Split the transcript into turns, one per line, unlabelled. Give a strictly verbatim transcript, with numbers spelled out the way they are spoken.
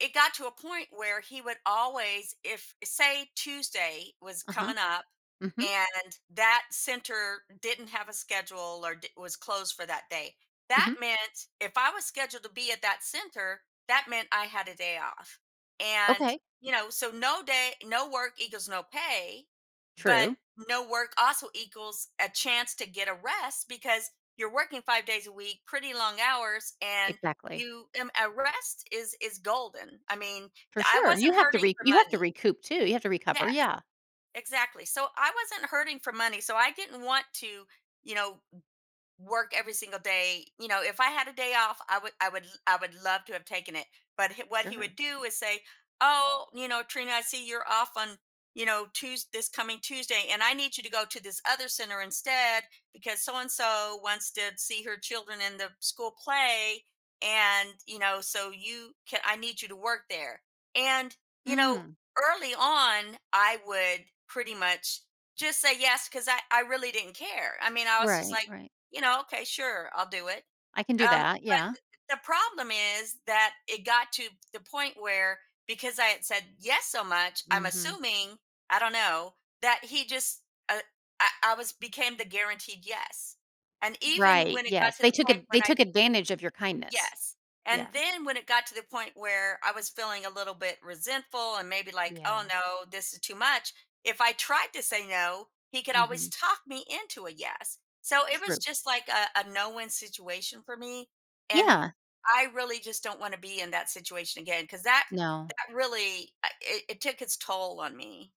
It got to a point where he would always if uh, say, Tuesday was
Uh-huh.
coming up
Mhm.
and that center didn't have a schedule or d was closed for that day, that
Mhm.
meant- if I was scheduled to be at that center- that meant I had a day off. And,
Okay.
you know, so no day no work equals no pay, but
True.
no work also equals a chance to get a rest because you're working five days a week, pretty long hours, and
Exactly.
you m a rest is is golden, I mean,
For
d I
sure, you
wasn't
have to
hurting
re
for
you have to
money.
recoup too, you have to recover,
Yes,
yeah.
exactly, so, I wasn't hurting for money, so I didn't want to, you know, w work every single day you know, if I had a day off, I would I would l I would love to have taken it, but h what he
Sure.
would do is say, "Oh, you know, Trina, I see you're off on, you know, Tues this coming Tuesday, and I need you to go to this other center instead because so-and-so wants to see her children in the school play, and, you know, so, you ca I need you to work there." And, you know,
Mm.
early on, I would pretty much just say, "Yes," 'cause I I really didn't care, I mean, I was just,
Right,
like,
right.
you know, "Okay, sure, I'll do it."
I can do
Um,
that,
but,
yeah.
uh uh, the problem is that it got to the point where because I had said, "Yes," so much, I'm
Mhm.
assuming I don't know that he just, uh I I was became the guaranteed "Yes." And, even
Right,
when it got
yes,
to
they
the
took
point
ad they
when I
took advantage of your kindness.
Yes, and
Yeah.
then when it got to the point where I was feeling, a little bit resentful, and maybe, like, "Oh
Yeah.
no, this is too much." If I tried to say "No," he could always
Mhm.
talk me into a "Yes." So, it was
True.
just, like, a a no-win situation, for me, and
Yeah.
I really just don't want to be in that situation again, 'cause that
No.
that really, uh it it took its toll on me.